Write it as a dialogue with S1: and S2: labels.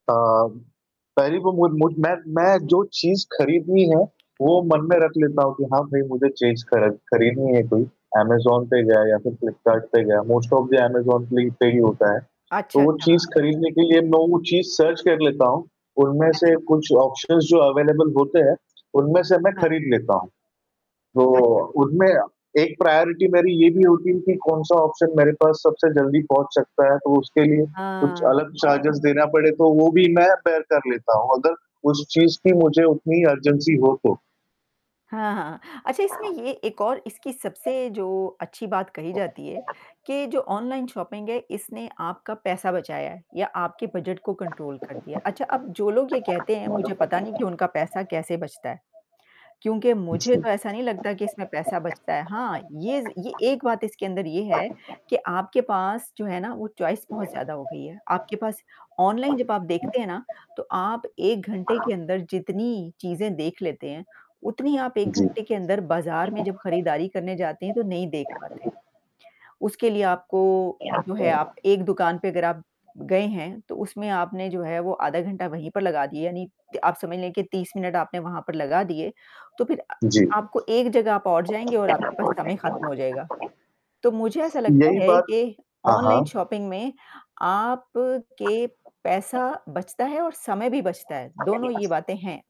S1: अ, पहली बो मु मु मैं मैं जो चीज़ खरीदनी है, वो मन में रख लेता हूँ कि हाँ, भई मुझे चीज़ कर खरीदनी है कोई अमेज़न पे गया या फिर फ़्लिपकार्ट पे गया। मोस्ट ऑफ़ दी अमेज़न पे ही होता है। तो
S2: अच्छा,
S1: वो
S2: अच्छा। हाँ,
S1: चीज़
S2: हाँ।
S1: खरीदने के लिए मैं वो चीज़ सर्च कर लेता हूँ। उनमें से
S2: अच्छा।
S1: कुछ ऑप्शंस जो अवेलेबल होते हैं, उनमें से मैं
S2: हाँ।
S1: खरीद लेता हूँ। तो
S2: अच्छा।
S1: उनमें एक प्रायोरिटी मेरी ये भी होती है कि, कौन-सा ऑप्शन मेरे पास सबसे जल्दी पहुँच सकता है, तो उसके लिए कुछ अलग
S2: हाँ।
S1: चार्जर्स देना पड़े, तो वो भी मैं बेयर कर लेता हूँ अगर उस चीज़ की मुझे उतनी अर्जेन्सी हो, तो।
S2: हाँ, हाँ। अच्छा, इसमें ये एक और इसकी सबसे जो अच्छी बात कही जाती है, के जो ऑनलाइन शॉपिंग है, इसने आपका पैसा बचाया है या आपके बजट को कंट्रोल कर दिया है। अच्छा, अब जो लोग ये कहते हैं, मुझे पता नहीं कि उनका पैसा कैसे बचता है क्योंकि मुझे
S1: अच्छा।
S2: तो ऐसा नहीं लगता कि इसमें पैसा बचता है। हाँ, ये ज़ ये एक बात इसके अंदर ये है कि आपके पास जो है ना, वो चॉइस बहुत ज़्यादा हो गई है। आपके पास ऑनलाइन जब आप देखते हैं, ना, तो आप 1 घंटे के अंदर जितनी चीज़ें देख लेते हैं, उतनी आप 1
S1: जी।
S2: घंटे के अंदर बाज़ार में जब खरीदारी करने जाते हैं, तो नहीं देख पाते। उसके लिए आपको जो है, आप एक दुकान पे अगर आप गए हैं तो उसमें आपने जो है वो आधा घंटा वहीं पर लगा दिए, यानी त आप समझ लें कि 30 मिनट आपने वहाँ पर लगा दिए। तो फिर अ,
S1: जी।
S2: आपको एक जगह आप और जाएँगे और आपके पास समय खत्म हो जाएगा। तो मुझे ऐसा लगता
S1: यही
S2: ,है
S1: बात।
S2: कि
S1: हाँ,
S2: ऑनलाइन
S1: हाँ।
S2: शॉपिंग में आपके पैसा बचता है और समय भी बचता है। दोनों ये बातें हैं।